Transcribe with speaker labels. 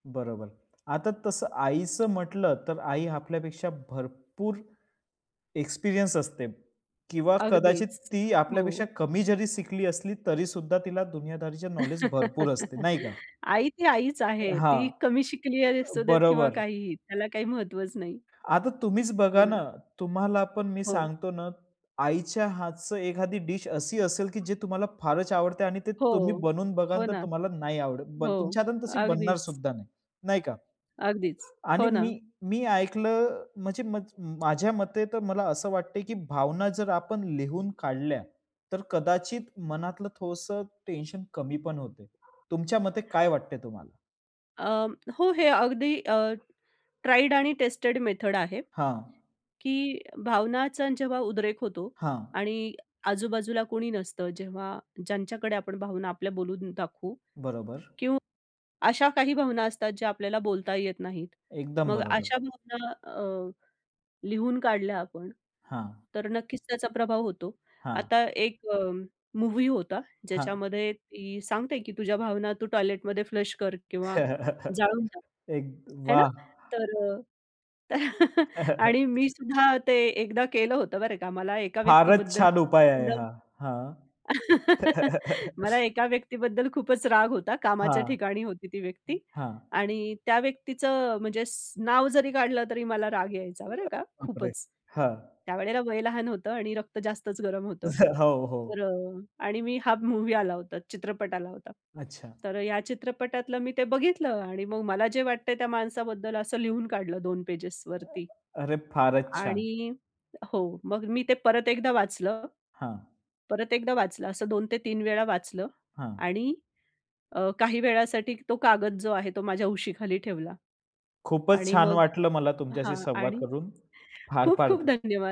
Speaker 1: बरोबर. आता तसं आईचं म्हटलं, तर आई आपल्यापेक्षा भरपूर एक्सपिरियन्स असते किंवा कदाचित
Speaker 2: अगदीच,
Speaker 1: ती
Speaker 2: हो.
Speaker 1: आपल्यापेक्षा कमी जरी शिकली असली तरीसुद्धा तिला दुनियादारीचा नॉलेज भरपूर असते. नाही का?
Speaker 2: आई ती आईच
Speaker 1: अ,
Speaker 2: आहे.
Speaker 1: हां.
Speaker 2: ती कमी शिकली, अ असू दे किंवा
Speaker 1: बरोबर.
Speaker 2: काहीही, त्याला काही महत्त्वच नाही.
Speaker 1: आता तुम्हीच
Speaker 2: हो
Speaker 1: बघा
Speaker 2: ना.
Speaker 1: ना, तुम्हाला पण मी
Speaker 2: हो.
Speaker 1: सांगतो ना, आईच्या हातचं एखादी डिश अशी असेल, की जे तुम्हाला फारच आवडतं आहे आणि ते तुम्ही
Speaker 2: हो.
Speaker 1: बनवून
Speaker 2: हो
Speaker 1: बघाल, तर
Speaker 2: ना.
Speaker 1: तुम्हाला नाही आवडत. बन
Speaker 2: हो
Speaker 1: तुमच्या हाताने तशी
Speaker 2: अगदीच.
Speaker 1: बनणारसुद्धा नाही. नाही का?
Speaker 2: अगदीच.
Speaker 1: आणि
Speaker 2: हो ना.
Speaker 1: मी मी ऐकलं म्हणजे मज माझ्या मते तर मला असं वाटतं, की भावना जर आपण लिहून काढल्या, तर कदाचित मनातलं थोडंसं टेन्शन कमी पण होते. तुमच्या मते काय वाटतं तुम्हाला?
Speaker 2: अं, हो हे अगदी अ, ट्राईड आणि टेस्टेड मेथड आहे,
Speaker 1: हां.
Speaker 2: की भावनांचा जेव्हा उद्रेक होतो
Speaker 1: हां.
Speaker 2: आणि आजू-बाजूला कोणी नसतं. जेव्हा ज्यांच्याकडे आपण भावना आपल्या बोलून दाखवू किंवा
Speaker 1: बरोबर.
Speaker 2: अशा काही भावना असतात, ज्या आपल्याला बोलता येत नाहीत.
Speaker 1: एकदम
Speaker 2: मग
Speaker 1: बरोबर.
Speaker 2: अशा भावना, अ, लिहून काढल्या आपण,
Speaker 1: हां.
Speaker 2: तर नक्कीच त्याचा प्रभाव होतो.
Speaker 1: हां.
Speaker 2: आता एक, अ, मूव्ही होता
Speaker 1: हां.
Speaker 2: ज्याच्यामध्ये ती सांगते, की तुझ्या भावना तू टॉयलेटमध्ये फ्लश कर किंवा जाळून टाक.
Speaker 1: एक
Speaker 2: है ना?
Speaker 1: वाह!
Speaker 2: तर अ आणि मीसुद्धा ते एकदा केलं होतं बरं का. मला एका
Speaker 1: फारच
Speaker 2: व्यक्तीबद्दल
Speaker 1: छान उपाय
Speaker 2: प्रचंड
Speaker 1: आहे हा. हां.
Speaker 2: मला एका व्यक्तीबद्दल खूपच राग होता. कामाच्या
Speaker 1: हां,
Speaker 2: ठिकाणी होती ती व्यक्ती
Speaker 1: हां.
Speaker 2: आणि त्या व्यक्तीचं म्हणजे स नाव जरी काढलं तरी मला राग यायचा. बरं का,
Speaker 1: बापरे!
Speaker 2: खूपच.
Speaker 1: हां.
Speaker 2: त्यावेळेला वय लहान होतं आणि रक्त जास्तच गरम होतं.
Speaker 1: हो, हो.
Speaker 2: तर अ, आणि मी हा मूव्ही आला होता. चित्रपट आला होता.
Speaker 1: अच्छा.
Speaker 2: तर ह्या चित्रपटातलं मी ते बघितलं आणि मग मला जे वाटतं आहे त्या माणसाबद्दल, असं लिहून काढलं 2 पेजेसवरती.
Speaker 1: अरे! फारच छान.
Speaker 2: आणि हो मग मी ते परत एकदा वाचलं
Speaker 1: हां.
Speaker 2: परत एकदा वाचलं. असं 2 ते 3 वेळा वाचलं.
Speaker 1: हां.
Speaker 2: आणि अ, काही वेळासाठी तो कागद जो आहे, तो माझ्या उशीखाली ठेवला.
Speaker 1: खूपच
Speaker 2: आणि
Speaker 1: छान
Speaker 2: मग
Speaker 1: वाटलं मला तुमच्याशी
Speaker 2: हां
Speaker 1: संवाद
Speaker 2: आणि
Speaker 1: करून. फार
Speaker 2: खूप
Speaker 1: फार
Speaker 2: खूप
Speaker 1: ध
Speaker 2: धन्यवाद.